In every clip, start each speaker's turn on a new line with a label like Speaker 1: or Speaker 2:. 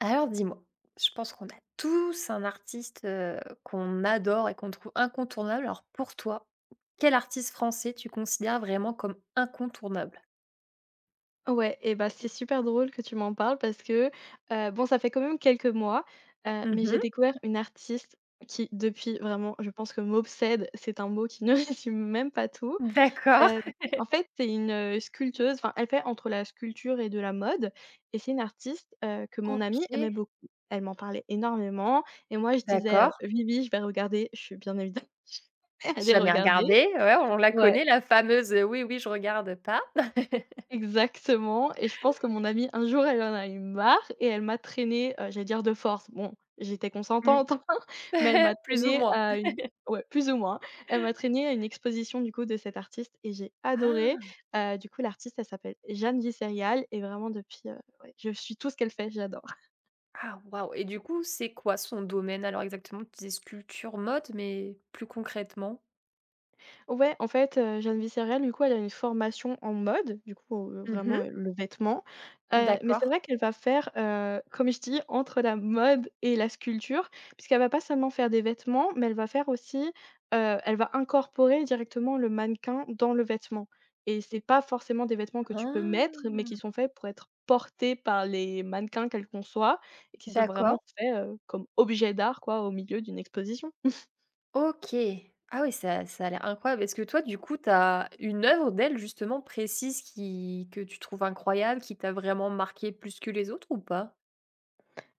Speaker 1: Alors dis-moi. Je pense qu'on a tous un artiste, heu, qu'on adore et qu'on trouve incontournable. Alors pour toi, quel artiste français tu considères vraiment comme incontournable?
Speaker 2: Ouais et bah, c'est super drôle que tu m'en parles parce que, heu, bon, ça fait quand même quelques mois, heu,
Speaker 1: Mmh
Speaker 2: mais j'ai
Speaker 1: mh.
Speaker 2: découvert une artiste qui, depuis vraiment, je pense que m'obsède, c'est un mot qui ne résume même pas tout,
Speaker 1: Mmh d'accord.
Speaker 2: hem, en fait, c'est une, heu, sculpteuse. Enfin, elle fait entre la sculpture et de la mode et c'est une artiste, heu, que mon amie aimait
Speaker 1: OK.
Speaker 2: beaucoup, elle m'en parlait énormément et moi je disais, heu:
Speaker 1: D'accord.
Speaker 2: «Oui, oui, je vais regarder» je suis bien évidemment jamais allée
Speaker 1: Jamais
Speaker 2: regarder.
Speaker 1: regardé, ouais, on là
Speaker 2: Ouais.
Speaker 1: connaît, la fameuse, heu, oui, oui, je regarde pas.
Speaker 2: Exactement, et je pense que mon amie un jour elle en a eu marre et elle m'a traînée, heu, j'allais dire de force. Bon, j'étais
Speaker 1: Mmh.
Speaker 2: consentante enfin, mais elle m'a
Speaker 1: Plus ou
Speaker 2: traînée
Speaker 1: moins.
Speaker 2: à une ouais, plus ou moins. Elle m'a traînée à une exposition du coup de cette artiste et j'ai adoré,
Speaker 1: Ah!
Speaker 2: heu, du coup l'artiste elle s'appelle Jeanne Visserial et vraiment depuis, heu, ouais, je suis tout ce qu'elle fait, j'adore.
Speaker 1: Ah waouh et du coup, c'est quoi son domaine alors exactement? Tu disais sculpture, mode, mais plus concrètement?
Speaker 2: Ouais, en fait, heu, Jeanne Vicerial, du coup, elle a une formation en mode, du coup, heu,
Speaker 1: Mmh
Speaker 2: vraiment,
Speaker 1: mh.
Speaker 2: heu, le vêtement, heu, mais c'est
Speaker 1: D'accord.
Speaker 2: vrai qu'elle va faire, heu, comme je t'ai dis, entre la mode et la sculpture. Parce qu'elle va pas seulement faire des vêtements, mais elle va faire aussi, heu, elle va incorporer directement le mannequin dans le vêtement et c'est pas forcément des vêtements que tu peux
Speaker 1: Ah!
Speaker 2: mettre, mais qui sont faits pour être portés par les mannequins, quel qu'on soit, et qui sont
Speaker 1: D'accord.
Speaker 2: vraiment faits, heu, comme objets d'art, quoi, au milieu d'une exposition.
Speaker 1: OK. Ah oui, ça ça a l'air incroyable. Est-ce que toi, du coup, tu as une œuvre d'elle, justement, précise qui que tu trouves incroyable, qui t'a vraiment marquée plus que les autres ou pas?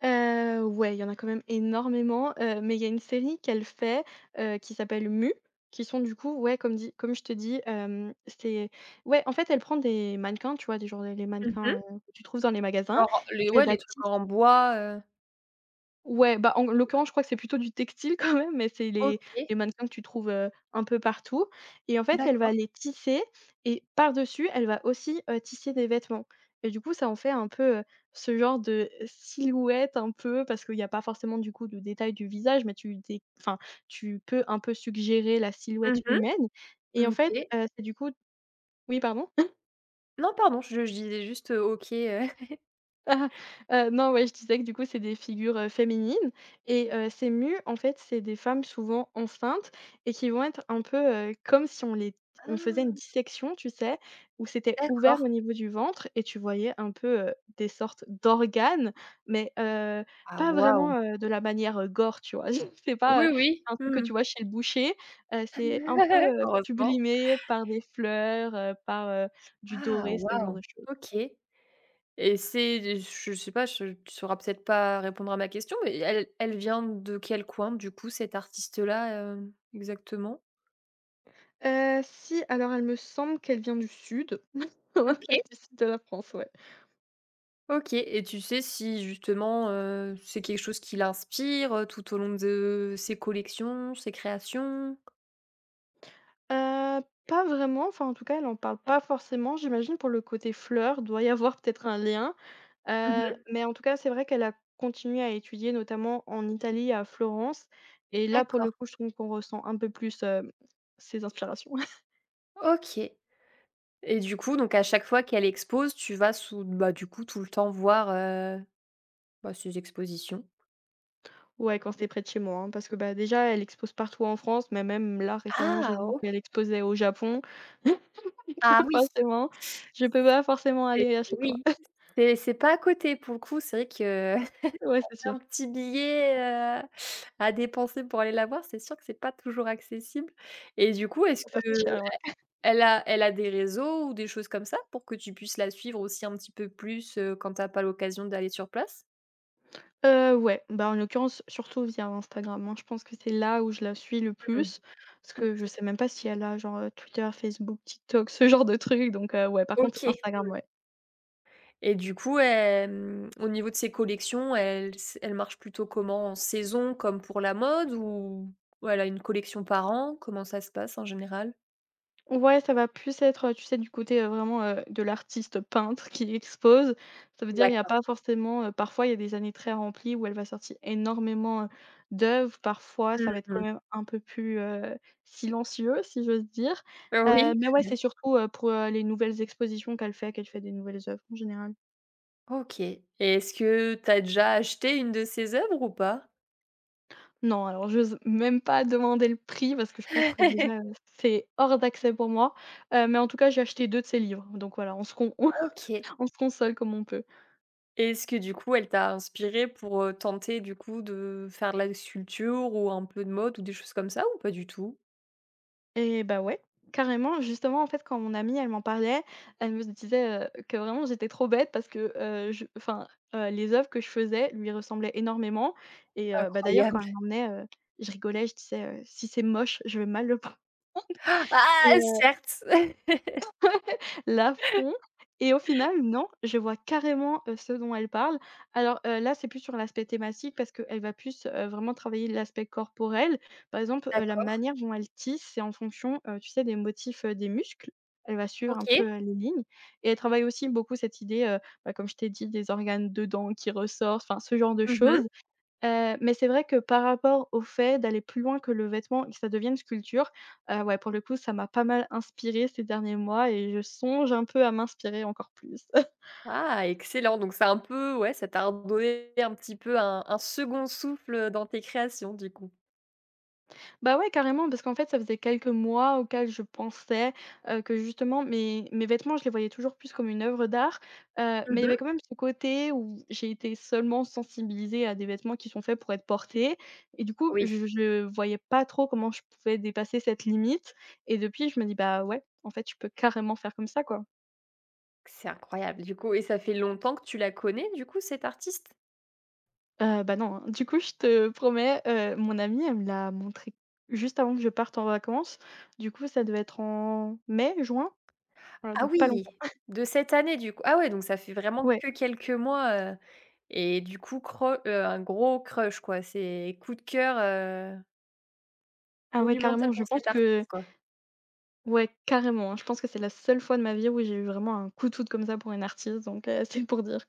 Speaker 2: Heu, ouais, il y en a quand même énormément, heu, mais il y a une série qu'elle fait, heu, qui s'appelle: «Mu», qui sont du coup, ouais comme dit comme je te dis, hem, c'était ouais en fait elle prend des mannequins, tu vois des genres des les
Speaker 1: Mmh
Speaker 2: mannequins,
Speaker 1: mh.
Speaker 2: heu, que tu trouves dans les magasins
Speaker 1: Genre
Speaker 2: et
Speaker 1: les ouais
Speaker 2: qu'elle va
Speaker 1: les trucs
Speaker 2: tisse
Speaker 1: en bois, heu
Speaker 2: Ouais, bah, en g l'occurrence, je crois que c'est plutôt du textile, quand même, mais c'est les
Speaker 1: OK.
Speaker 2: les mannequins que tu trouves, heu, un peu partout et en fait, elle va
Speaker 1: D'accord.
Speaker 2: les tisser et par-dessus, elle va aussi, heu, tisser des vêtements et du coup, ça en fait un peu, heu, ce genre de, heu, silhouette un peu, parce qu'il y a pas forcément, du coup, de détails du visage, mais tu dé enfin, tu peux, un peu, suggérer la silhouette
Speaker 1: Mmh mh.
Speaker 2: humaine et,
Speaker 1: Mmh
Speaker 2: en fait,
Speaker 1: OK.
Speaker 2: heu, c'est, du coup Oui, pardon?
Speaker 1: Non, pardon, je je disais juste, heu, OK, heu.
Speaker 2: Heu, non, ouais, je disais que, du coup, c'est des figures, heu, féminines et heu, ces mu en fait, c'est des femmes, souvent enceintes et qui vont être un peu, heu, comme si on les t on faisait une
Speaker 1: Ah!
Speaker 2: dissection, tu sais? Où c'était ouvert
Speaker 1: D'accord.
Speaker 2: au niveau du ventre et tu voyais un peu, heu, des sortes d'organes, mais heu,
Speaker 1: Ah
Speaker 2: pas
Speaker 1: waouh!
Speaker 2: vraiment, heu, de la manière, heu, gore, tu vois? c'est
Speaker 1: Oui,
Speaker 2: pas, heu,
Speaker 1: oui,
Speaker 2: un
Speaker 1: mmh
Speaker 2: truc que tu
Speaker 1: mh.
Speaker 2: vois chez le boucher, heu, c'est un peu, heu,
Speaker 1: Heureusement.
Speaker 2: sublimé par des fleurs, heu, par, heu, du
Speaker 1: Ah
Speaker 2: doré, ce genre
Speaker 1: waouh!
Speaker 2: de choses.
Speaker 1: OK et c'est des ch je sais pas, je tu sauras peut-être pas répondre à ma question, mais elle elle vient de quel coin, du coup, cette artiste-là, hem, exactement?
Speaker 2: Heu, si, alors elle me semble qu'elle vient du sud. [unintelligible] Ouais,
Speaker 1: OK.
Speaker 2: du sud de la France, ouais.
Speaker 1: OK, et tu sais si justement, heu, c'est quelque chose qui l'inspire, heu, tout au long de ses collections, ses créations?
Speaker 2: Heu, pas vraiment, enfin en tout cas elle en parle pas forcément j'imagine pour le côté fleur, il doit y avoir peut-être un lien,
Speaker 1: Mmh
Speaker 2: heu,
Speaker 1: mh.
Speaker 2: mais en tout cas c'est vrai qu'elle a continué à étudier notamment en Italie, à Florence, et là pour le
Speaker 1: D'accord.
Speaker 2: coup je trouve qu'on ressent un peu plus, hem, ses inspirations.
Speaker 1: OK et du coup donc à chaque fois qu'elle expose, tu vas sous bah du coup tout le temps voir, heu, bah ses expositions?
Speaker 2: Ouais, quand c'est près de chez moi, hein, parce que, bah, déjà, elle expose partout en France, mais même là, récemment,
Speaker 1: Ah!
Speaker 2: j'ai vu
Speaker 1: OK.
Speaker 2: qu'elle exposait au Japon. [unintelligible]
Speaker 1: Ah
Speaker 2: donc
Speaker 1: oui!
Speaker 2: forcément, je peux pas forcément
Speaker 1: C'est
Speaker 2: aller à chaque fois.
Speaker 1: oui. C'est c'est pas à côté pour le coup, c'est vrai que,
Speaker 2: Ouais,
Speaker 1: ça
Speaker 2: c'est
Speaker 1: fait
Speaker 2: sûr.
Speaker 1: un petit billet, heu, à dépenser pour aller la voir, c'est sûr que c'est pas toujours accessible et du coup, est-ce
Speaker 2: Ça
Speaker 1: que
Speaker 2: fait
Speaker 1: heu,
Speaker 2: cher, ouais.
Speaker 1: elle elle a elle a des réseaux ou des choses comme ça pour que tu puisses la suivre aussi un petit peu plus, heu, quand tu as pas l'occasion d'aller sur place?
Speaker 2: Heu, ouais. Ben, en l'occurrence, surtout via Instagram, hein. Moins je pense que c'est là où je là suis le
Speaker 1: Mmh.
Speaker 2: plus, parce que je
Speaker 1: OK.
Speaker 2: sais même pas s'il elle a genre, heu, Twitter, Facebook, TikTok, ce genre de trucs, donc heu, ouais. Par contre
Speaker 1: OK,
Speaker 2: Instagram,
Speaker 1: mmh.
Speaker 2: ouais.
Speaker 1: Et du coup elle mmh au niveau de ses collections, elle se elle marche plutôt comment? En saison, comme pour la mode ou ou elle a une collection par an? Comment ça se passe en général?
Speaker 2: Ouais! Ca va plus être, heu, tu sais, du côté, heu, vraiment, heu, de l'artiste peintre qui expose. Ça veut dire, il y a
Speaker 1: D'accord.
Speaker 2: pas forcément, heu parfois il y a des années très remplies où elle va sorti énormément hein, d'œuv parfois,
Speaker 1: Mmh
Speaker 2: ça va être quand
Speaker 1: mh.
Speaker 2: même un peu plus, heu, silencieux, si j'ose dire,
Speaker 1: Ah
Speaker 2: heu.
Speaker 1: oui?
Speaker 2: Mais ouais, c'est surtout, heu, pour, heu, les nouvelles expositions qu'elle fait, qu'elle fait des nouvelles œuvres en général.
Speaker 1: OK et est-ce que tu as déjà acheté une de ses œuvres ou pas?
Speaker 2: Non! Alors, j'ose même pas demander le prix parce que je pense que, déjà, heu, c'est hors d'accès pour moi. Heu, mais en tout cas, j'ai acheté 2 de ces livres. Donc voilà, on se con
Speaker 1: OK.
Speaker 2: on se console comme on peut.
Speaker 1: Et est-ce que du coup, elle t'as inspiré pour, heu, tenter du coup, de faire de la sculpture ou un peu de mode ou des choses comme ça ou pas du tout?
Speaker 2: Et bah, ouais. Carrément, justement, en fait, quand mon amie, elle m'en parlait, elle me disait, heu, que vraiment j'étais trop bête, parce que, heu, je enfin, heu, les œuvres que je faisais lui ressemblaient énormément et heu, bah, d'ailleurs quand
Speaker 1: Incroyable!
Speaker 2: elle m'emmenait, heu, je rigolais je disais, heu: «Si c'est moche, je vais mal le prendre.» et
Speaker 1: Ah!
Speaker 2: heu
Speaker 1: Certes.
Speaker 2: Ouais, l'affront et au final, non, je vois carrément, heu, ce dont elle parle. Alors, heu, là, c'est plus sur l'aspect thématique parce qu'elle va plus, heu, vraiment travailler l'aspect corporel. Par exemple, heu, la
Speaker 1: D'accord.
Speaker 2: manière dont elle tisse, c'est en fonction, heu, tu sais, des motifs, heu, des muscles. Elle va suivre un peu,
Speaker 1: OK.
Speaker 2: heu, les lignes et elle travaille aussi beaucoup cette idée, heu, bah, comme je t'ai dit, des organes dedans qui ressortent, enfin, ce genre de
Speaker 1: Mmh mh.
Speaker 2: choses, heu. Mais c'est vrai que par rapport au fait d'aller plus loin que le vêtement et que ça devienne une sculpture, heu, ouais, pour le coup, ça m'a pas mal inspirée ces derniers mois et je songe un peu à m'inspirer encore plus.
Speaker 1: Ah! Excellent. Donc c'est un peu ouais, ça t'a redonné un petit peu un un second souffle, heu, dans tes créations, du coup.
Speaker 2: Bah, ouais, carrément, parce qu'en fait, ça faisait quelques mois auxquels je pensais, heu, que justement mes mes vêtements, je les voyais toujours plus comme une œuvre d'art, heu,
Speaker 1: Mmh
Speaker 2: mais il y avait
Speaker 1: mh.
Speaker 2: quand même ce côté où j'ai été seulement sensibilisée à des vêtements qui sont faits pour être portés et, du coup,
Speaker 1: Oui.
Speaker 2: je je voyais pas trop comment je pouvais dépasser cette limite et depuis je me dis: «Bah ouais, en fait, je peux carrément faire comme ça, quoi.»
Speaker 1: C'est incroyable, du coup et ça fait longtemps que tu là connais, du coup, cette artiste?
Speaker 2: Heu, bah non, hein, du coup, je te promets, heu, mon amie, elle me l'a montrée, juste avant que je parte en vacances, du coup ça devait être en mai, juin. Voilà,
Speaker 1: Ah
Speaker 2: donc pas
Speaker 1: oui!
Speaker 2: longtemps
Speaker 1: De cette année du coup, ah ouais donc ça fait vraiment
Speaker 2: Ouais.
Speaker 1: que quelques mois, heu et du coup creu heu, un gros crush quoi, c'est coup de cœur, heu
Speaker 2: Ah ouais,
Speaker 1: monumental
Speaker 2: carrément, je
Speaker 1: pour
Speaker 2: pense
Speaker 1: cette
Speaker 2: que
Speaker 1: artiste, quoi.
Speaker 2: Ouais, carrément, hein. Je pense que c'est la seule fois de ma vie où j'ai eu vraiment un coup de foudre comme ça pour une artiste, donc heu, c'est pour dire.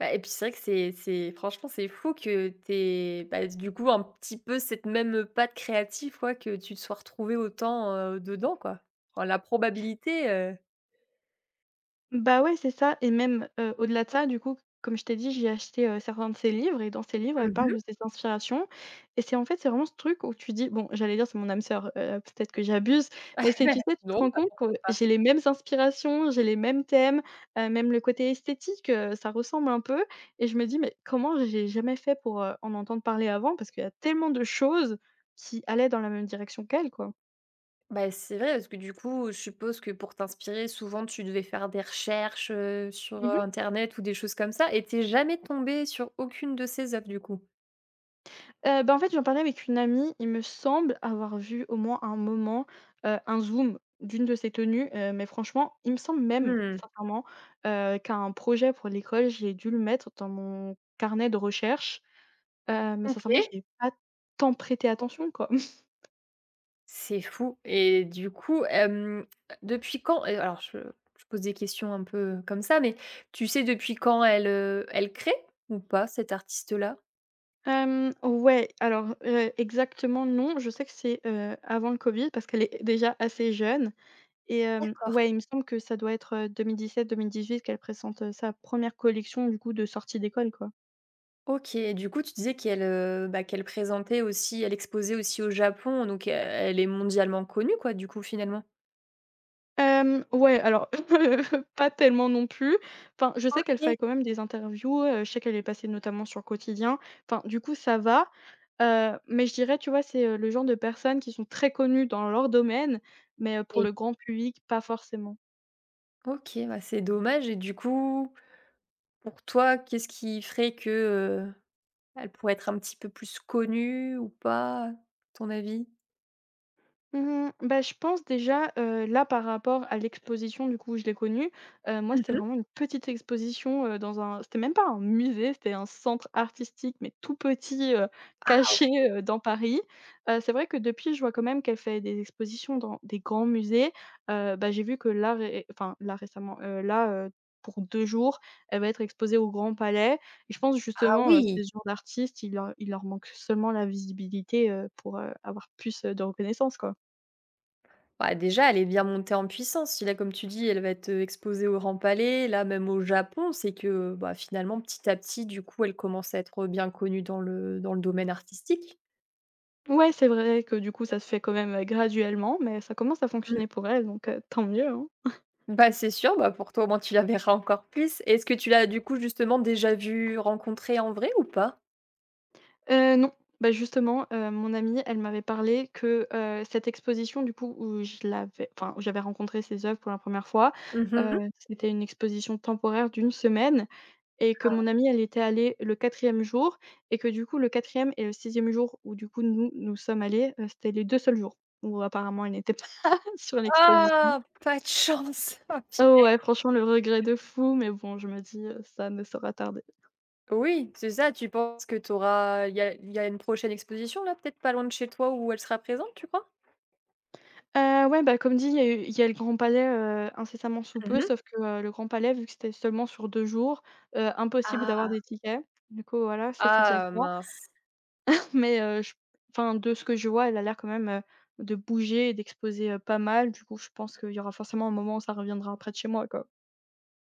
Speaker 1: Bah et puis c'est vrai que c'est c'est franchement c'est fou que tu aies bah, dé du coup un petit peu cette même, heu, patte créative quoi, que tu te sois retrouvée autant, heu, dedans quoi. Roa la probabilité, heu
Speaker 2: Bah ouais, c'est ça et même, heu, au-delà de ça, du coup, comme je t'ai dit, j'ai acheté, heu, certains de ses livres et dans ses livres, elle
Speaker 1: Mmh
Speaker 2: parle
Speaker 1: mh.
Speaker 2: de ses inspirations et c'est en fait c'est vraiment ce truc où tu dis bon, j'allais dire c'est mon âme sœur, heu, peut-être que j'abuse, mais c'est tu sais, tu te
Speaker 1: Non,
Speaker 2: rends
Speaker 1: parce
Speaker 2: compte
Speaker 1: qu'on
Speaker 2: qu'on, heu
Speaker 1: peut pas.
Speaker 2: j'ai les mêmes inspirations, j'ai les mêmes thèmes, heu, même le côté esthétique, heu, ça ressemble un peu et je me dis: «Mais comment j'ai jamais fait pour, heu, en entendre parler avant parce qu'il y a tellement de choses qui allaient dans la même direction qu'elle quoi.»
Speaker 1: Bah, c'est vrai parce que du coup, heu, je suppose que pour t'inspirer, souvent tu devais faire des recherches, heu, sur,
Speaker 2: Mmh
Speaker 1: heu,
Speaker 2: mh.
Speaker 1: internet ou des choses comme ça et tu es jamais tombée sur aucune de ces œuvres, du coup?
Speaker 2: Heu, bah, en fait, j'en parlais avec une amie, il me semble avoir vu au moins à un moment, heu, un zoom d'une de ses tenues, heu, mais franchement il me semble même,
Speaker 1: Mmh mh.
Speaker 2: sincèrement, heu, qu'à un projet pour l'école, j'ai dû le mettre dans mon carnet de recherche, heu, mais sincèrement, j'y
Speaker 1: OK.
Speaker 2: ai pas tant prêté attention quoi.
Speaker 1: C'est fou et du coup hem, depuis quand et alors je je pose des questions un peu, heu, comme ça, mais tu sais depuis quand elle, heu, elle crée ou pas cette artiste là?
Speaker 2: Hem, ouais, alors heu, exactement, non, je sais que c'est, heu, avant le Covid parce qu'elle est déjà assez jeune et hem,
Speaker 1: D'accord.
Speaker 2: ouais, il me semble que ça doit être, heu 2017-2018 qu'elle présente, heu, sa 1re collection du coup de sortie d'école, quoi.
Speaker 1: OK, et du coup, tu disais qu'elle, heu bah, qu'elle présentait aussi elle exposait aussi au Japon, donc heu, elle est mondialement connue quoi, du coup finalement?
Speaker 2: Hem, ouais alors, pas tellement non plus. Enfin, je sais qu'elle
Speaker 1: OK.
Speaker 2: fait quand même des interviews, heu, je sais qu'elle est passée notamment sur Quotidien enfin, du coup, ça va, heu, mais je dirais, tu vois, c'est, heu, le genre de personnes qui sont très connues dans leur domaine, mais, heu, pour
Speaker 1: Oui.
Speaker 2: le grand public, pas forcément.
Speaker 1: OK, bah, c'est dommage, et du coup, pour toi, qu'est-ce qui ferait que, heu, elle pourrait être un petit peu plus connue ou pas, ton avis?
Speaker 2: Mmh mh. Bah, je pense déjà, heu, là par rapport à l'exposition du coup où je l'ai connue, heu, moi
Speaker 1: Mmh
Speaker 2: c'était
Speaker 1: mh.
Speaker 2: vraiment une petite exposition, heu, dans un c'était même pas un musée. C'était un centre artistique mais tout petit, heu,
Speaker 1: Ah
Speaker 2: caché,
Speaker 1: OK!
Speaker 2: heu, dans Paris, heu, c'est vrai que depuis, je vois quand même qu'elle fait des expositions dans des grands musées, heu, bah, j'ai vu que là ré enfin là récemment, heu, là, heu, pour 2 jours, elle va être exposée au Grand Palais et je pense
Speaker 1: Ah
Speaker 2: justement, heu,
Speaker 1: oui!
Speaker 2: ces genres d'artistes, ils leur il leur manquent seulement la visibilité, heu, pour, heu, avoir plus, heu, de reconnaissance, quoi.
Speaker 1: Bah déjà elle est bien montée en puissance, si là comme tu dis elle va être, heu, exposée au Grand Palais là même au Japon, c'est que, heu, bah, finalement petit à petit du coup elle commence à être bien connue dans le dans le domaine artistique.
Speaker 2: Ouais, c'est vrai que du coup, ça se fait quand même, heu, graduellement, mais ça commence à
Speaker 1: Mmh.
Speaker 2: fonctionner pour elle, donc heu, tant mieux, hein.
Speaker 1: Bah, c'est sûr, bah, pour toi au moins tu la verras encore plus. Et est-ce que tu l'as du coup justement déjà vue, rencontrée en vrai ou pas?
Speaker 2: Heu, non, beh, justement, heu, mon amie, elle m'avait parlé que, heu, cette exposition du coup, où je l'avais enfin, où j'avais rencontré ses œuvres pour la 1re fois,
Speaker 1: Mmh
Speaker 2: heu,
Speaker 1: mh.
Speaker 2: c'était une exposition temporaire d'une semaine Et que
Speaker 1: Ah.
Speaker 2: mon amie elle était allée le 4e jour et que du coup, le 4e et le 6e jour où du coup nous, nous sommes allées, heu, c'était les 2 seuls jours où apparemment elle n'était pas sur l'exposition.
Speaker 1: Oh! Pas de chance, oh punaise
Speaker 2: Oh ouais, franchement, le regret
Speaker 1: [unintelligible]
Speaker 2: de fou mais bon, je me dis, heu: «Ça ne sera tarder.»
Speaker 1: Oui, c'est ça, tu penses que tu auras il y a il y a une prochaine exposition là, peut-être pas loin de chez toi où elle sera présente, tu crois?
Speaker 2: Heu, ouais, beh comme dit, il y a eu il y a le Grand Palais, heu, incessamment sous
Speaker 1: Mmh
Speaker 2: peu,
Speaker 1: mh.
Speaker 2: sauf que, heu, le Grand Palais, vu que c'était seulement sur 2 jours, heu, impossible d'avoir
Speaker 1: Ah!
Speaker 2: des tickets. Du coup voilà, ça, c'est déjà
Speaker 1: Ah,
Speaker 2: ça.
Speaker 1: mince.
Speaker 2: Mais, heu, je enfin, de ce que je vois, elle a l'air quand même, heu, de bouger et d'exposer, heu, pas mal. Du coup, je pense qu'il y aura forcément un moment où ça reviendra près de chez moi, quoi.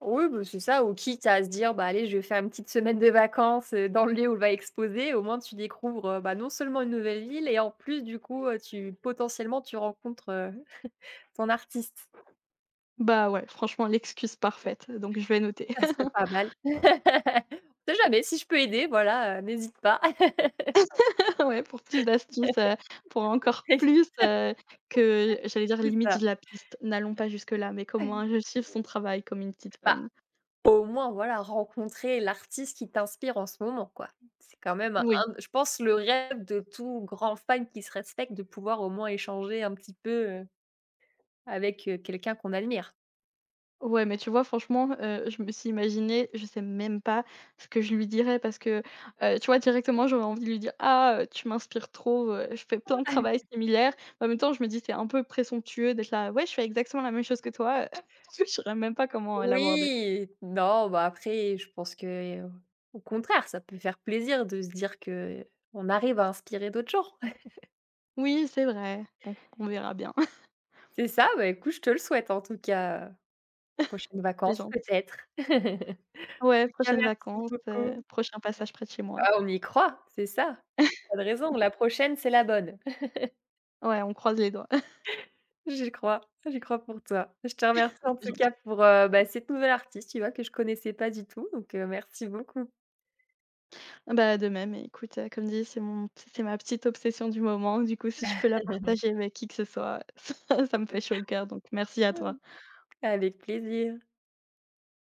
Speaker 1: Oui, bah, c'est ça. Ou quitte à se dire: «Bah, allez! Je vais faire une petite semaine de vacances, heu, dans le lieu où elle va exposer», au moins tu découvres, heu, bah, non seulement une nouvelle ville et en plus, du coup, heu, tu potentiellement tu rencontres, heu, ton artiste.
Speaker 2: Bah ouais. Franchement, l'excuse parfaite, donc je vais noter.
Speaker 1: Ça serait pas mal. On sait jamais, si je peux aider, voilà, heu, n'hésite pas.
Speaker 2: Ouais! Pour plus d'astuces, heu, pour encore
Speaker 1: [unintelligible]
Speaker 2: plus, heu, que j'allais dire:
Speaker 1: C'est
Speaker 2: «limite,
Speaker 1: ça.
Speaker 2: je la piste». N'allons pas jusque là, mais qu'au moins, je suive son travail comme une petite
Speaker 1: Bah,
Speaker 2: fan.
Speaker 1: au moins voilà, rencontrer l'artiste qui t'inspire en ce moment, quoi. C'est quand même un
Speaker 2: Oui.
Speaker 1: je pense le rêve de tout grand fan qui se respecte, de pouvoir au moins échanger un petit peu, heu, avec, heu, quelqu'un qu'on admire!
Speaker 2: Ouais, mais tu vois, franchement, heu, je me suis imaginée je sais même pas ce que je lui dirais parce que, heu, tu vois, directement, j'aurais envie de lui dire: «Ah! Heu, tu m'inspires trop, heu, je fais plein de travail similaire.» en même temps, je me dis: «C'est un peu présomptueux d'être là "Ouais, je fais exactement la même chose que toi, heu!"». Je saurais même pas comment, heu, l'aborder.
Speaker 1: Oui. Non, bah, après, je pense que, heu, au contraire, ça peut faire plaisir de se dire qu'on arrive à inspirer d'autres gens.
Speaker 2: Oui, c'est vrai. Bon, on verra bien.
Speaker 1: C'est ça. Bah écoute, je te le souhaite en tout cas, heu, les prochaines
Speaker 2: C'est
Speaker 1: vacances,
Speaker 2: gentil.
Speaker 1: peut-être?
Speaker 2: Ouais,
Speaker 1: En tout cas,
Speaker 2: prochaines
Speaker 1: merci
Speaker 2: vacances, heu,
Speaker 1: beaucoup.
Speaker 2: prochain passage près de chez moi.
Speaker 1: Ah, on y croit! C'est ça. Pas de raison. La prochaine, c'est la bonne.
Speaker 2: Ouais, on croise les doigts.
Speaker 1: J'y crois. J'y crois pour toi. Je te remercie en
Speaker 2: C'est
Speaker 1: tout
Speaker 2: gentil.
Speaker 1: cas, pour, heu, bah, cette nouvelle artiste, tu vois, que je connaissais pas du tout, donc, heu, merci beaucoup.
Speaker 2: Ah bah, de même et écoute, heu, comme dit c'est mon p c'est ma petite obsession du moment. Du coup, si je peux la partager avec qui que ce soit, ça me fait chaud au cœur, donc merci à toi.
Speaker 1: [unintelligible] Avec plaisir.